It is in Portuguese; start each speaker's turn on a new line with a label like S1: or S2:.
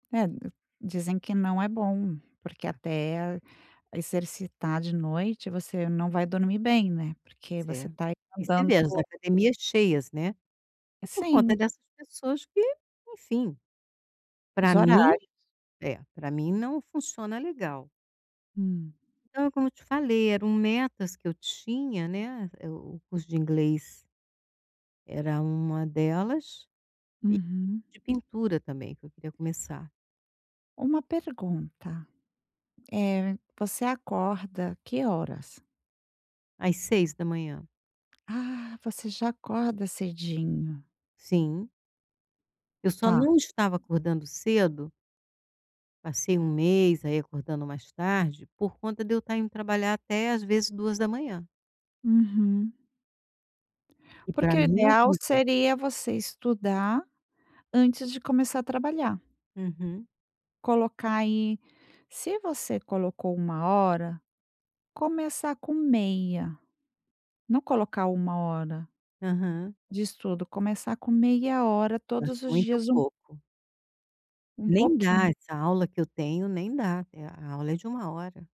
S1: É dizem que não é bom porque até exercitar de noite você não vai dormir bem, né, porque
S2: Isso
S1: você
S2: é,
S1: está aí
S2: e você
S1: mandando
S2: vê as academias cheias, né, e por conta
S1: Sim.
S2: dessas pessoas que enfim, pra
S1: Os
S2: mim,
S1: horários.
S2: é, para mim não funciona legal.
S1: Hum.
S2: Então é como eu te falei, eram metas que eu tinha, né, o o curso de inglês era uma delas, e o
S1: Uhum.
S2: de pintura também que eu queria começar.
S1: Uma pergunta, eh, você acorda que horas?
S2: Às 6h00.
S1: Ah você já acorda cedinho.
S2: Sim. Eu só
S1: Tá.
S2: não estava acordando cedo passei um mês aí acordando mais tarde, por conta de eu estar indo trabalhar até às vezes 2h00.
S1: Uhum.
S2: E para
S1: Porque o
S2: mim é
S1: ideal
S2: horrível.
S1: seria você estudar antes de começar a trabalhar.
S2: Uhum.
S1: Colocar aí, se você colocou 1 hora, começar com meia, não colocar uma hora
S2: Aham.
S1: de estudo, começar com meia hora
S2: Eu acho
S1: todos os
S2: muito
S1: dias um
S2: pouco.
S1: um
S2: Nem dá
S1: pouquinho.
S2: essa aula que eu tenho nem dá, é a a aula é de 1 hora.